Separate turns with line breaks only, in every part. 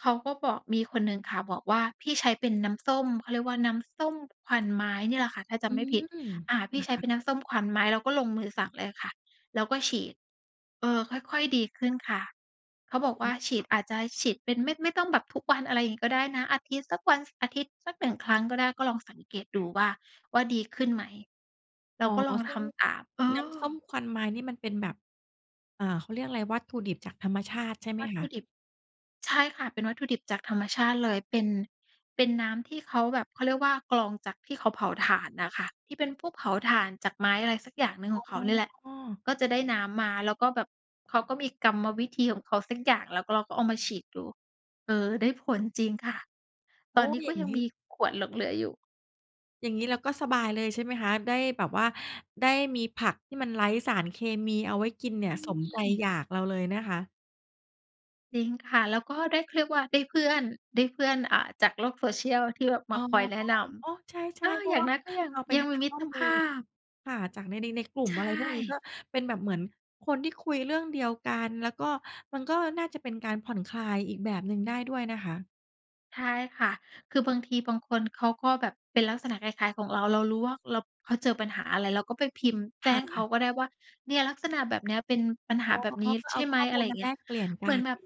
เขาก็บอก มีคนหนึ่งค่ะ บอกว่า "พี่ใช้เป็นน้ำส้ม เขาเรียกว่าน้ำส้มควันไม้" เนี่ยแหละค่ะ ถ้าจ
อื
ำไม่ผิด
ม
อา "พี่ใช้
ค
เ
่
ป
ะ ๆ
็นน้ำส้มควันไม้" เราก็ลงมือสั่งเลยค่ะ แล้วก็ฉีด เออ ค่อย ๆ ดีขึ้นค่ะ เขา
อ
บอกว
๋
่
อ
า "ฉีด อาจจะฉีดเป็น ไม่ ไม่ต้องแบบทุกวัน อะไรงี้ก็ได้นะ อาทิตย์สักวัน ซ อาทิตย์สัก 1 ครั้งก็ได้ ก็ลองสังเกตดูว่า ว่าดีขึ้นไหม" เรา
อ๋อ
ก็ลอง
ซึ
ท
่ง
ำตาม เอ
น้
อ
ำส้มควันไม้นี่ มันเป็นแบบ อ่า เขาเรียกอะไร วัตถุดิบจากธรรมชาติใช่ไห
ว
ม
ัตถ
ค
ุ
ะ?
ดิบ ใช่ค่ะ เป็นวัตถุดิบจากธรรมชาติเลย เป็น เป็นน้ำที่เขาแบบ เขาเรียกว่า กรองจากที่เขาเผาถ่านน่ะค่ะ ที่เป็นพวกเผาถ่านจากไม้ อะไรสักอย่างหนึ่งของเขานี่แหละ
อ๋อ
ก็จะได้น้ำมา แล้วก็แบบเขาก็มีกรรมวิธีของเขาสักอย่าง แล้วก็เราก็เอามาฉีดดู เออ ได้ผลจริงค่ะ
โอ
ต
๊
อนนี
ย
้ก
อ
็
ย่าง
ยั
ง
ง
ี้
มีขวดหลงเหลืออยู่
อย่างงี้เราก็สบายเลย ใช่ไหมคะ ได้แบบว่า ได้มีผักที่มันไร้สารเคมีเอาไว้กินเนี
ใช
่ย สมใจ
่
อยากเราเลยนะคะ
จริงค่ะ แล้วก็ได้ เขาเรียกว่าได้เพื่อน ได้เพื่อน อ่า จากโลก Social ที่แบบม
อ๋
า
อ
คอยแนะน
อือ โอ๊ะ ใช
ำ อ
่
า
ๆ เพร
อ
า
ย่
ะ
า
ว
ง
่า
น้อยก็ยัง
เราไป
ยัง
หา
มีม
ข
ิ
้อ
ตร
ม
ภ
ูล
าพ
ค่ะ จากใน ใน ในกลุ่
ใ
ม
ช
อะไรพวกนี้ ก
่
็เป็นแบบเหมือนคนที่คุยเรื่องเดียวกัน แล้วก็ มันก็น่าจะเป็นการผ่อนคลายอีกแบบหนึ่งได้ด้วยนะคะ
ใช่ค่ะ คือบางทีบางคนเขาก็แบบเป็นลักษณะคล้าย ๆ ของเรา เรารู้ว่า อ เรา เขาเจอปัญหาอะไร เราก็ไปพิมพ์แ
ค
จ้
่
งเขา
ะ
ก็ได้ว่า "เนี่ย ลักษณะแบบเนี้ย เป็นปัญห
อ
า
๋อ
แบ
ก
บนี้
็
ใ
เ
ช
อา
่ไห
ข
ม?"
้อ
อ
ม
ะไ
ู
ร
ล
อย่
ม
า
า
งเงี
แ
้
ล
ย
กเปลี่ยนก
เหม
ั
ือน
น
แบบ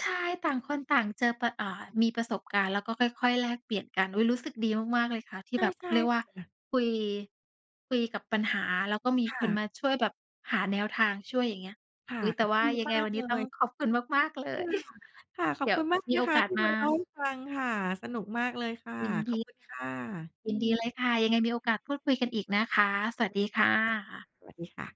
ใช่ ต่างคนต่างเจอประ อ่า มีประสบการณ์ แล้วก็ค่อย ๆ แลกเปลี่ยนกัน อุ๊ย รู้สึกดีมาก ๆ เลยค่ะ ที่
ใช่
แบบ
ใ
เ
ช
ข
่
าเรียกว
ค
่า
่ะ
คุย คุยกับปัญหา แล้วก็มี
ค่
คนม
ะ
าช่วยแบบหาแนวทางช่วย อย่างเงี้ย
ค่ะ
อุ๊ย แต่ว่
ด
า
ี
ยัง
ม
ไง
า
ว
ก
ันน
เ
ี
ล
้ต้อง
ย
ขอบคุณมาก ๆ เล
ค่
ย
ะ ค่ะ ขอ
เด
บ
ี๋ย
คุ
ว
ณมากเล
ม
ย
ี
น
โอ
ะค
ก
ะ
าส
ที่
ม
มาเล่า
า
ให้ฟังค่ะ สนุกมากเลยค่ะ
ยิน
ข
ด
อบ
ี
คุณค่ะ
ยินดีเลยค่ะ ยังไงมีโอกาสพูดคุยกันอีกนะคะ สวั
ได
สด
้
ีค่ะ
ค่ะ สวัสดีค่ะ